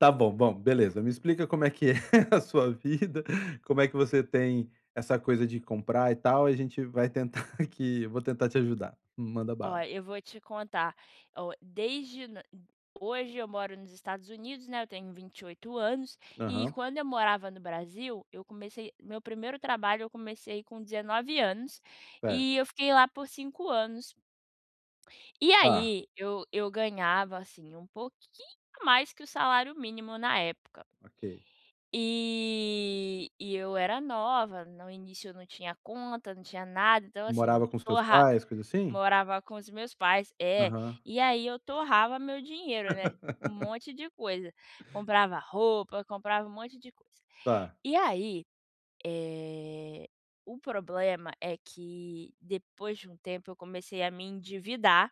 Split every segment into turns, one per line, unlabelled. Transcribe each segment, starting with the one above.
Tá bom. Bom, beleza, me explica como é que é a sua vida, como é que você tem essa coisa de comprar e tal, e a gente vai tentar aqui, eu vou tentar te ajudar. Manda
Ó,
bala.
eu vou te contar, ó, desde n hoje eu moro nos Estados Unidos, né, eu tenho 28 anos, e
Aham.
quando eu morava no Brasil, eu comecei meu primeiro trabalho eu comecei com 19 anos,
Certo.
e eu fiquei lá por 5 anos. E
Tá.
aí eu eu ganhava, assim, um pouquinho mais que o salário mínimo na época.
Ok.
E e eu era nova, no início eu não tinha conta, não tinha nada, então assim,
Morava com os teus
torra
pais, coisa assim?
morava com os meus pais é,
Aham.
e aí eu torrava meu dinheiro, né, um monte de coisa. Comprava roupa, comprava um monte de coisa.
Tá.
E aí, eh, o problema é que depois de um tempo eu comecei a me endividar,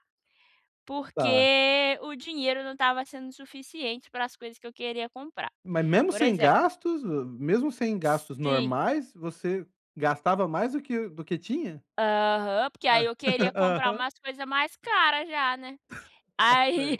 Tá.
porque o dinheiro não estava sendo suficiente para as coisas que eu queria comprar.
Mas mesmo
Por
sem
exemplo
gastos hã, mesmo sem gastos
Sim.
normais, você gastava mais do que do que tinha?
Aham, porque
Hã,
aí eu queria comprar
aham.
umas coisa mais cara já, né, aí,
[unintelligible]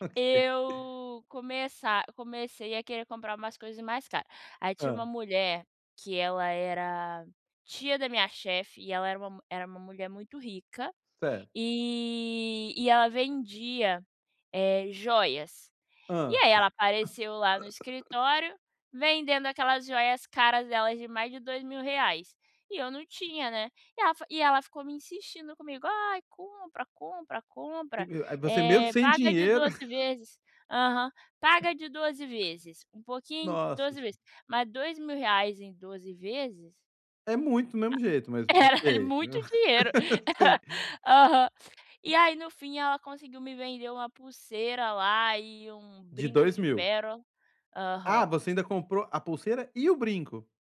Ok.
eu começa comecei a querer comprar umas coisas mais cara. Aí tinha uma
Hã.
mulher, que ela era tia da minha chefe, e ela era uma mu era uma mulher muito rica,
Certo.
e e ela vendia, eh, joias. E
Hã.
aí ela apareceu lá no escritório vendendo aquelas joias caras delas de mais de 2000 reais e eu não tinha, né. E ela fi e ela ficou me insistindo comigo, "Ai, compra, compra,
Que
compra,
que o ai você mesmo
eh,
sem
paga de
dinheiro
12 vezes" aham. "Paga de 12 vezes, um pouquinho
Nossa
12
se
vezes", mas 2000 reais em 12 vezes
É muito do mesmo jeito,
Era
mas ok.
muito dinheiro.
Sim.
Aham. E aí no fim ela conseguiu me vender uma pulseira lá e um
De
brinco
dois
de
mil?
péro Aham.
Ah, você ainda comprou a pulseira e o brinco?